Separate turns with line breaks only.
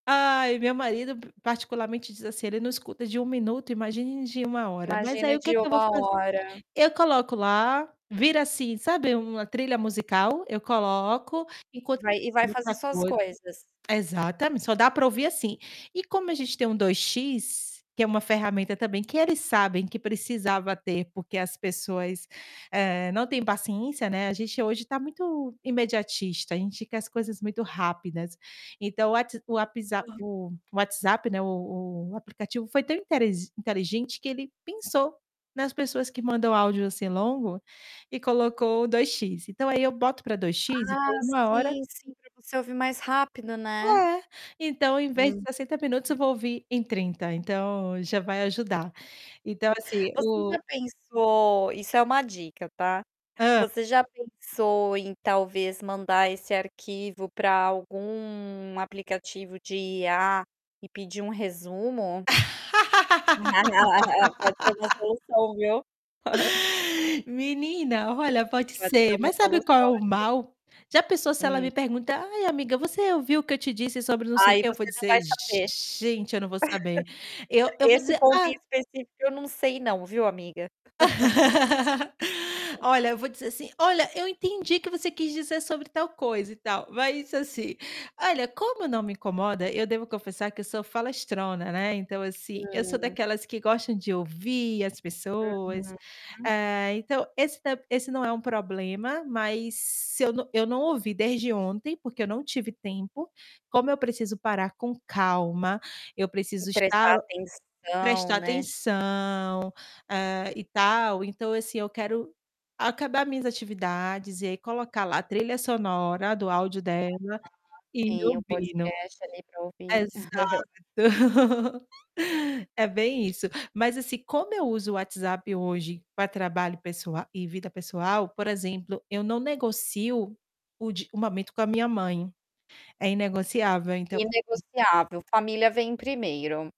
Ai, meu marido particularmente diz assim: "Ele não escuta de 1 minuto, imagine de 1 hora". Mas aí,
Imagina
o que
de
que eu vou
1
fazer?
hora.
Eu coloco lá, vira assim, sabe uma trilha musical, eu coloco, enquan
Vai e vai
e outra
fazer suas
coisa.
coisas.
Exatamente, só dá pra ouvir assim. E como a gente tem um 2X, que é uma ferramenta também, que eles sabem que precisava ter, porque as pessoas, eh, não têm paciência, né, a gente hoje tá muito imediatista, a gente quer as coisas muito rápidas. Então, o What o Whapsap
Hã.
o o WhatsApp, né, o o o aplicativo foi tão interi inteligente que ele pensou, nas pessoas que mandam áudio assim, longo, e colocou 2X, então, aí eu boto pra dois
Ah,
x e ponho uma hora
sim, sim, é pra você ouvir mais rápido, né?
É. Então, em vez de
Uhum.
60 minutos eu vou ouvir em 30. Então, já vai ajudar, então, assim,
Você já
o
pensou isso é uma dica tá?
Hã.
Você já pensou em talvez mandar esse arquivo pra algum aplicativo de IA e pedir um resumo? Pode ser uma solução, viu?
Menina! Olha, pode
Pode ser
ser,
uma
mas sabe qual é
solução
o
ali.
mal? Já pensou se ela
Hum.
me perguntar: "Ai, amiga você ouviu o que eu te disse sobre não sei o
Aí,
que?", eu vou
você não
dizer
vai saber.
gente eu não vou saber. Eu eu vou
Esse
dizer:
ponto
"Ah"
em específico eu não sei não viu amiga?
Olha, eu vou dizer assim: "Olha, eu entendi que você quis dizer sobre tal coisa e tal", mas assim, olha como eu não me incomoda, eu devo confessar que eu sou falastrona, né, então assim, eu sou
Hã.
daquelas que gostam de ouvir as pessoas.
Aham. Hã.
Eh, então esse tamb esse não é um problema, mas se eu não eu não ouvi desde ontem, porque eu não tive tempo, como eu preciso parar com calma, eu
E
preciso estar
prestar atenção,
prestar
né?
atenção, eh, e tal, então assim, eu quero acabar minhas atividades e aí colocar lá trilha sonora do áudio
[unintelligible] Aham.
dela, e
Tem o
ouvindo.
podcast ali pra ouvir.
Exato. É bem isso. Mas assim, como eu uso o WhatsApp hoje pra trabalho pessoa e vida pessoal, por exemplo, eu não negocio o de o momento com a minha mãe. É inegociável, então
Inegociável, família vem primeiro.